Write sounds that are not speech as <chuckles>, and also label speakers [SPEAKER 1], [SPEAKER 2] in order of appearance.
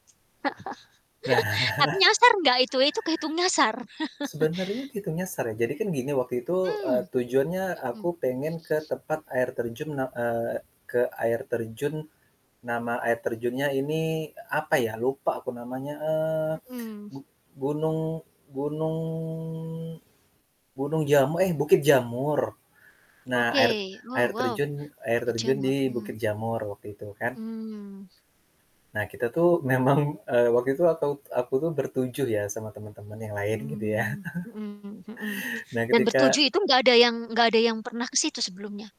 [SPEAKER 1] <laughs> Atuh
[SPEAKER 2] <chuckles>
[SPEAKER 1] nyasar nggak itu, itu kehitung nyasar? <chuckles>
[SPEAKER 2] Sebenarnya kehitung nyasar ya, jadi kan gini waktu itu, eee,
[SPEAKER 1] Mhm.
[SPEAKER 2] tujuannya aku
[SPEAKER 1] Mhm.
[SPEAKER 2] pengen ke tempat air terjun ne eee, ke air terjun nama air terjunnya ini e apa ya, lupa aku namanya, eee,
[SPEAKER 1] Mhm.
[SPEAKER 2] gu gunung, gunung. gunung jamu eh, Bukit Jamur. Nah air
[SPEAKER 1] Oke,
[SPEAKER 2] air
[SPEAKER 1] oh wow,
[SPEAKER 2] terjun air
[SPEAKER 1] Bukit
[SPEAKER 2] terjun di
[SPEAKER 1] Jamur, mmm.
[SPEAKER 2] Bukit Jamur waktu itu kan.
[SPEAKER 1] Mmm.
[SPEAKER 2] Nah kita tuh memang, eee, waktu itu aku t aku tuh ber-7 ya sama temen-temen yang lain gitu ya.
[SPEAKER 1] Mmm, mhm mhm
[SPEAKER 2] <chuckles> Nah,
[SPEAKER 1] dan
[SPEAKER 2] ketika
[SPEAKER 1] ber-7 itu gak ada yang gak ada yang pernah ke situ sebelumnya?